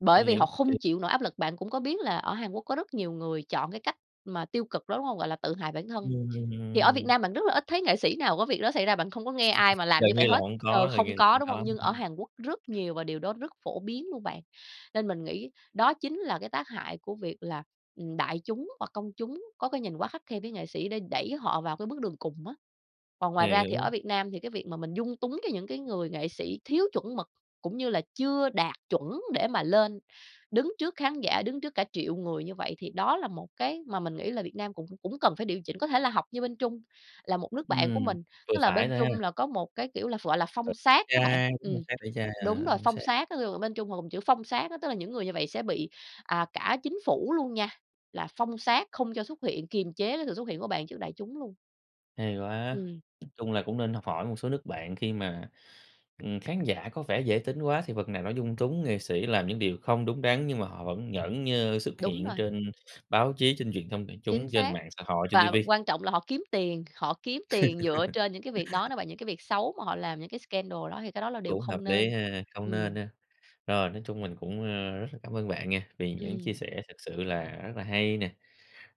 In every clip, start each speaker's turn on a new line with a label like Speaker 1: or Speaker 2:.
Speaker 1: Bởi
Speaker 2: Nguy
Speaker 1: vì
Speaker 2: hiểm
Speaker 1: họ
Speaker 2: kì.
Speaker 1: không chịu nổi áp lực, bạn cũng có biết là ở Hàn Quốc có rất nhiều người chọn cái cách mà tiêu cực đó, đúng hông? Gọi là tự hại bản thân. Thì ở Việt
Speaker 2: Ừm.
Speaker 1: Nam bạn rất là ít thấy nghệ sĩ nào có việc đó xảy ra, bạn không có nghe ai mà làm
Speaker 2: Gần
Speaker 1: như vậy
Speaker 2: như là
Speaker 1: hết,
Speaker 2: hổng
Speaker 1: ờ,
Speaker 2: có, gần
Speaker 1: không
Speaker 2: như là
Speaker 1: có đúng hông?
Speaker 2: hông
Speaker 1: Nhưng
Speaker 2: có
Speaker 1: ở
Speaker 2: ha.
Speaker 1: Hàn Quốc rất nhiều và điều đó rất phổ biến luôn bạn. Nên mình nghĩ đó chính là cái tác hại của việc là, ừm, đại chúng hoặc công chúng có cái nhìn quá khắt khe với nghệ sĩ đã đẩy họ vào cái bước đường cùng á. Còn ngoài ra thì
Speaker 2: Hiểu.
Speaker 1: ở Việt Nam thì cái việc mà mình dung túng cái những cái người nghệ sĩ thiếu chuẩn mực, cũng như là chưa đạt chuẩn để mà lên đứng trước khán giả, đứng trước cả triệu người như vậy thì đó là một cái mà mình nghĩ là Việt Nam cũng cũng cần phải điều chỉnh. Có thể là học như bên Trung, là một nước bạn của
Speaker 2: Ừm,
Speaker 1: mình,
Speaker 2: vừa
Speaker 1: tức là
Speaker 2: phải
Speaker 1: bên
Speaker 2: thôi ha.
Speaker 1: Trung là có một cái kiểu là ph gọi là
Speaker 2: Ờ.
Speaker 1: phong sát á bạn.
Speaker 2: Chai đúng, phong
Speaker 1: Ừm,
Speaker 2: sát tẩy chay,
Speaker 1: đúng
Speaker 2: ờ,
Speaker 1: rồi,
Speaker 2: phong
Speaker 1: phong
Speaker 2: sát.
Speaker 1: sát, ví dụ bên Trung họ dùng chữ phong sát á, tức là những người như vậy sẽ bị, à, cả chính phủ luôn nha, là phong sát không cho xuất hiện, kiềm chế cái sự xuất hiện của bạn trước đại chúng luôn.
Speaker 2: Hay quá.
Speaker 1: Ừm.
Speaker 2: Nói chung là cũng nên học hỏi một số nước bạn khi mà, ừm, khán giả có vẻ dễ tính quá thì phần nào nó dung túng nghệ sĩ làm những điều không đúng đắn, nhưng mà họ vẫn nhởn nhơ xuất
Speaker 1: Đúng
Speaker 2: hiện
Speaker 1: rồi.
Speaker 2: trên báo chí, trên truyền thông đại
Speaker 1: Chính
Speaker 2: chúng, trên
Speaker 1: xác.
Speaker 2: mạng xã hội, trên ti
Speaker 1: Và
Speaker 2: vi.
Speaker 1: quan trọng là họ kiếm tiền, họ kiếm tiền dựa trên những cái việc đó nó và những cái việc xấu mà họ làm những cái scandal đó thì cái đó là điều
Speaker 2: Cũng hợp
Speaker 1: không
Speaker 2: lý
Speaker 1: nên.
Speaker 2: ha, không nên
Speaker 1: Ừm.
Speaker 2: ha. Rồi, nói chung mình cũng, ờ, rất là cảm ơn bạn nghe vì những chia
Speaker 1: Ừm.
Speaker 2: sẻ thật sự là rất là hay nè,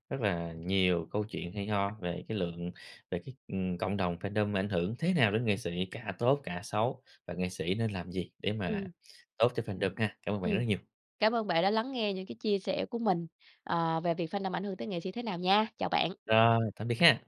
Speaker 2: rất là nhiều câu chuyện hay ho về cái lượng về cái, ừm, cộng đồng fandom ảnh hưởng thế nào đến nghệ sĩ, cả tốt cả xấu và nghệ sĩ nên làm gì để mà
Speaker 1: Ừm.
Speaker 2: tốt cho fandom ha. Cảm ơn bạn rất
Speaker 1: Ừm.
Speaker 2: là nhiều.
Speaker 1: Cảm ơn bạn đã lắng nghe những cái chia sẻ của mình, ờ, về việc fandom ảnh hưởng tới nghệ sĩ thế nào nha. Chào bạn.
Speaker 2: Rồi, tạm biệt ha.